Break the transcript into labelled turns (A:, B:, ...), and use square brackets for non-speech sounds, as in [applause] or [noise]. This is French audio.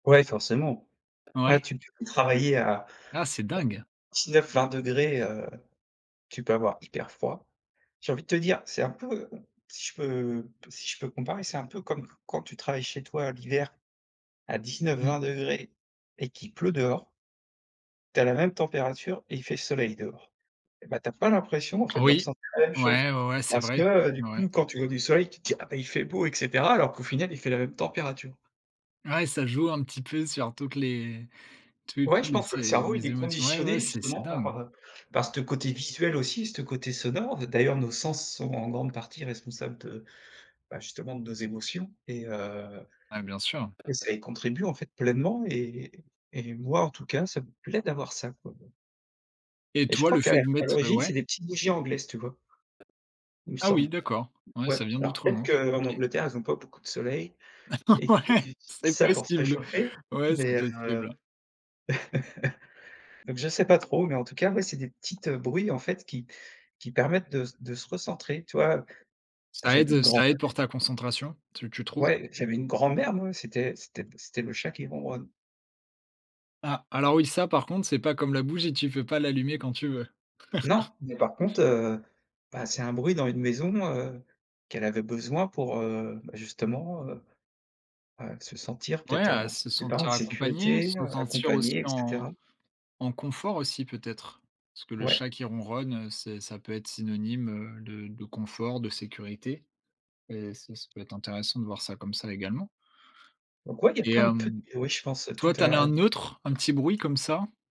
A: Ouais, forcément, ouais,
B: Ouais.
A: tu p peux travailler à
B: Ah, c'est dingue!
A: 19-20 C°, heu, tu peux avoir hyper froid. J'ai envie de te dire, c'est un peu si je peux si je peux comparer, c'est un peu comme quand tu travailles chez toi, l'hiver, à dix
B: Mmh.
A: neuf-vingt degrés et qu'il pleut dehors tu as la même température et il fait soleil dehors et ben tu as pas l'impression en fait, de
B: Oui.
A: ressentir la même chose.
B: Ouais, ouais, c'est
A: Parce que,
B: vrai.
A: heu, du
B: Ouais.
A: coup, quand tu vois du soleil, tu te dis: «Ah ben, il fait beau et cetera», alors qu'au final, il fait la même température.
B: Ouais, ça joue un petit peu sur toutes les tous
A: Ouais,
B: tous
A: je
B: les
A: pense que le
B: é
A: cerveau, il
B: les
A: est
B: émotions. Ouais, ouais,
A: conditionné
B: c'est c'est
A: justement
B: dingue.
A: par, heu, par ce te côté visuel aussi, ce te côté sonore. D'ailleurs, nos sens sont en grande partie responsables de, bah, justement de nos émotions et heu
B: Ouais, bien sûr.
A: et ça y contribue en fait pleinement et et moi en tout cas, ça me plaît d'avoir ça quoi, bon.
B: Et
A: Et je
B: toi,
A: crois
B: le
A: qu'a
B: fait de
A: à
B: mettre, heu,
A: l'origine,
B: ouais
A: c'est des petits bougies anglaises, tu vois? Il me
B: ah oui,
A: semble.
B: d'accord. Ouais,
A: Ouais,
B: ça vient
A: alors peut-être
B: d'Outre-Manche.
A: qu'en
B: OK.
A: Angleterre, ils ont pas beaucoup de soleil
B: D'accord,
A: et que zut,
B: ouais,
A: ils utilisent
B: c'est
A: ça pour se
B: possible.
A: réchauffer,
B: Ouais, c'est
A: mais heu,
B: possible.
A: [laughs] donc je sais pas trop, mais en tout cas, moi c'est des petites bruits, en fait qui qui permettent de de se recentrer, tu vois?
B: Ça
A: J'avais
B: aide, heu,
A: une grand
B: ça
A: mère
B: aide pour ta concentration, tu tu trouves?
A: ouais, j'avais une grand-mère, moi, c'était c'était c'était le chat qui ronronne.
B: Ah! Alors, oui, ça, par contre, c'est pas comme la bougie, tu peux pas l'allumer quand tu veux.
A: Non,
B: [laughs]
A: mais par contre, heu, bah c'est un bruit dans une maison, heu, qu'elle avait besoin pour, heu, justement, heu heu, se sentir
B: Ouais,
A: peut-être
B: heu,
A: en
B: se
A: je sais pas, en
B: sentir accompagné,
A: sécurité,
B: se
A: heu,
B: sentir aussi
A: accompagnée, et
B: en
A: cetera.
B: en confort aussi peut-être? Parce que le chat
A: Ouais.
B: qui ronronne, c'est ça peut être synonyme, heu, de de confort, de sécurité et ça ce peut être intéressant de voir ça, comme ça également
A: Donc, ouais, il y a
B: et
A: pleins de pu
B: hem,
A: ouais, je pense tout
B: toi, tu en as
A: à
B: un neutre, un petit bruit, comme ça?